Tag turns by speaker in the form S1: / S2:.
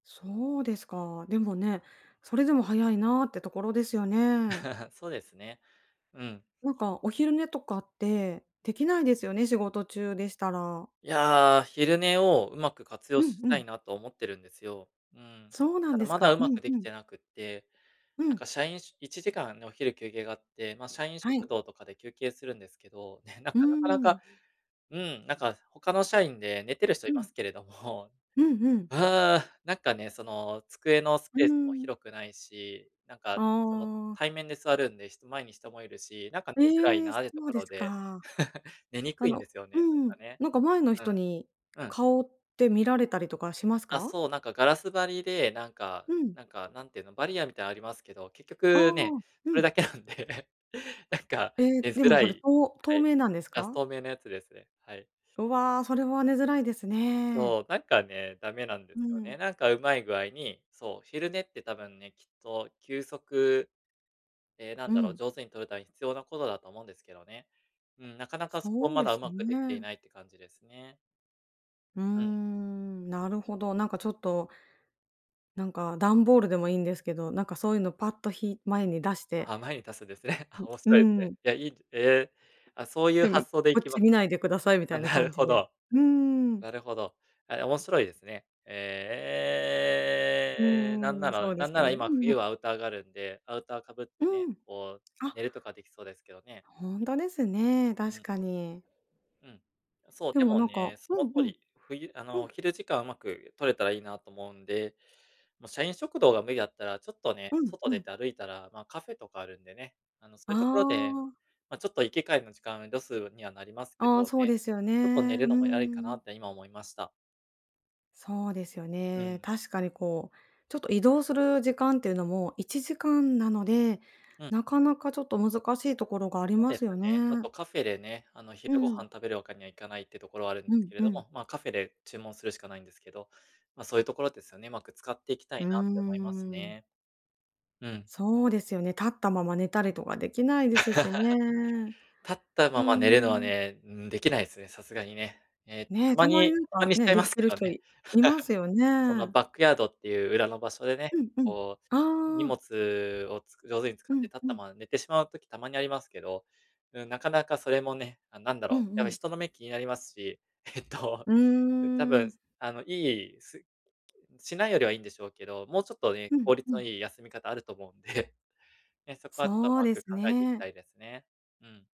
S1: そうですか。でもね、それでも早いなってところですよね。
S2: そうですね、うん。
S1: なんかお昼寝とかって、できないですよね、仕事中でしたら。
S2: いや、昼寝を上手く活
S1: う
S2: 用
S1: ん
S2: し
S1: う
S2: た
S1: ん。
S2: いなと思ってるんですよ、うん。
S1: そうな
S2: た
S1: んで
S2: だ、
S1: す
S2: まだ
S1: か。う
S2: 上手
S1: ん、
S2: くで
S1: う
S2: き
S1: ん。
S2: てなくって、
S1: う
S2: なん
S1: ん。
S2: か社員しゅ1時間ね、お昼休憩があって、まあ社員
S1: は
S2: 食
S1: い。
S2: 堂とかで休憩するんですけど、ね、なん
S1: うー
S2: かなかなか
S1: ん。
S2: うん、なんか他の社員で寝てる人
S1: う
S2: いま
S1: ん。
S2: すけれども、
S1: うんうん。
S2: ああ、なんかね、その机のス
S1: うー
S2: ペースも
S1: ん。
S2: 広くないし、なんか
S1: あ
S2: その、
S1: あ。
S2: 対面で座るんで、人前に人もいるし、なんか寝
S1: え
S2: づらい
S1: え、そ
S2: な、でと
S1: う
S2: こ
S1: で
S2: ろ
S1: す
S2: で
S1: か。
S2: 寝にく
S1: あ
S2: いんで
S1: の
S2: すよ
S1: う
S2: ね、な
S1: ん、
S2: んかね。
S1: なんか前の
S2: う
S1: 人
S2: ん、
S1: に、
S2: うん。
S1: 顔って見られたりとかします
S2: あ、
S1: か？
S2: そう、なんかガラス張りで、なんか
S1: うん。
S2: なんか、なんていうの、バリアみたいありますけど、結
S1: あ
S2: 局ね、
S1: あ、
S2: そ
S1: う
S2: れ
S1: ん。
S2: だけなんで、なんか
S1: え、
S2: 寝
S1: で
S2: づ
S1: も、
S2: ら
S1: それ、
S2: い
S1: とう
S2: は
S1: 透
S2: い、
S1: 明なんです
S2: がす
S1: か？
S2: 透明のやつですね、はい。
S1: うわ、それは寝づらいですね。
S2: そう、なんかね、ダメなんで
S1: う
S2: すよ
S1: ん。
S2: ね。なんか上手い具合に、そう、昼寝って多分ね、きっと休息ええな
S1: う
S2: んだろう、
S1: ん。
S2: 上手に取るために必要なことだと思うんですけどね。うん、なかなかそこ
S1: そう
S2: ま
S1: で
S2: だ
S1: す
S2: 上手く出来てい
S1: ね。
S2: ないって感じですね。
S1: うー
S2: うん。
S1: ん、なるほど。なんかちょっと、なんか、ダンボールでもいんですけど、なんかそういうのをパッとひい前に出して
S2: あ、前にたすんですね。あ、
S1: う
S2: 面
S1: う
S2: 白いですね。
S1: ん。
S2: いや、いいどえ、あ、そういう
S1: で、うん、
S2: 発想で
S1: こ
S2: い
S1: っ
S2: きま
S1: ち
S2: す
S1: 見な
S2: か。
S1: いでくださいみた
S2: あ、
S1: いな
S2: なる
S1: 感じ
S2: ほ
S1: で、
S2: ど。
S1: うんうんうん。
S2: なるほど。あえ、面白いですね。
S1: う
S2: ええ、な
S1: んう
S2: ん
S1: んう
S2: な
S1: ん、
S2: ら
S1: そうで
S2: なん
S1: す
S2: なら
S1: ね。う
S2: 今、
S1: ー
S2: 冬は
S1: ん。
S2: アウターがあるんで、アウター被って
S1: う
S2: ね、
S1: ん。
S2: こう
S1: あ、
S2: 寝るとかできそうですけどね。
S1: ほんとですね、
S2: う
S1: 確
S2: ん。
S1: かに。
S2: うん。あ、そう、
S1: で
S2: で
S1: も
S2: も
S1: なんか、
S2: ね、そ
S1: う
S2: の
S1: んう
S2: 通
S1: ん。
S2: り。冬あ
S1: う
S2: のお
S1: ん。
S2: 昼時間、上手く取れたらいいなと思うんで、ま、社員食堂が無理だったら、ちょっとね、
S1: うん、
S2: 外
S1: う
S2: 出
S1: ん。
S2: て歩いたらまあカフェとかあるんでね、あのそ
S1: あ
S2: ういうところで、
S1: あ。
S2: ま、ちょっと行き帰りの時間をロスにはなりますけ
S1: ああ、
S2: ど
S1: そう
S2: ね。
S1: ですよね。
S2: ちょっと寝
S1: う
S2: るのもありかな
S1: ん。
S2: って今思いました。
S1: そうですよ
S2: う
S1: ね。
S2: ん。
S1: 確かにこう、ちょっと移動する時間っていうのも1時間なので、
S2: うん。
S1: なかなかちょっと難しいところがあり
S2: そう
S1: ま
S2: です
S1: すよ
S2: ね、あ
S1: ね。
S2: とカフェでね、あの、
S1: う
S2: 昼ご飯
S1: ん。
S2: 食べるわけにはいかない、っていうところはあるんで
S1: う
S2: す
S1: ん
S2: けれ
S1: う
S2: ど
S1: ん。
S2: も、まあカフェで注文するしかないんですけど、ま、そういうところですよね、上手く使っていきた
S1: う
S2: い
S1: ー
S2: なって思います
S1: ん。
S2: ね。うん。
S1: そうですよね。立ったまま寝たりとかできないですしね。
S2: 立った
S1: う
S2: まま寝るのは
S1: ん。
S2: ね、うん、できないすね、さすがにね。え、た
S1: ね、
S2: ま
S1: たまに
S2: に
S1: なん
S2: たま
S1: か、
S2: にしち
S1: ね、
S2: ゃい
S1: で
S2: ま
S1: き
S2: すけ
S1: る
S2: ど
S1: 人
S2: ね。
S1: いますよ
S2: その
S1: ね。
S2: バックヤードっていう裏の場所でね、
S1: うんうん。
S2: こう、す荷
S1: ああ。
S2: 物をつく上手に使
S1: う
S2: って
S1: ん
S2: 立っ
S1: う
S2: た
S1: ん。
S2: まま寝てしまう時たまにありますけど、うん、なかなかそれもね、あ、なんだ
S1: うん、
S2: ろう、
S1: う
S2: やっぱ
S1: ん。
S2: 人の目気になりますし、えっと、
S1: う
S2: う多
S1: ー
S2: 分
S1: ん。
S2: すあのいい、すしないよりはいんでしょうけど、もうちょっとね、
S1: うん、
S2: 効率
S1: う
S2: の
S1: ん。
S2: いい休み方あると思うんで、ね、そこはちょっと
S1: そう
S2: 上
S1: で
S2: 手く考
S1: す
S2: えていきた
S1: ね。
S2: いですね。うん。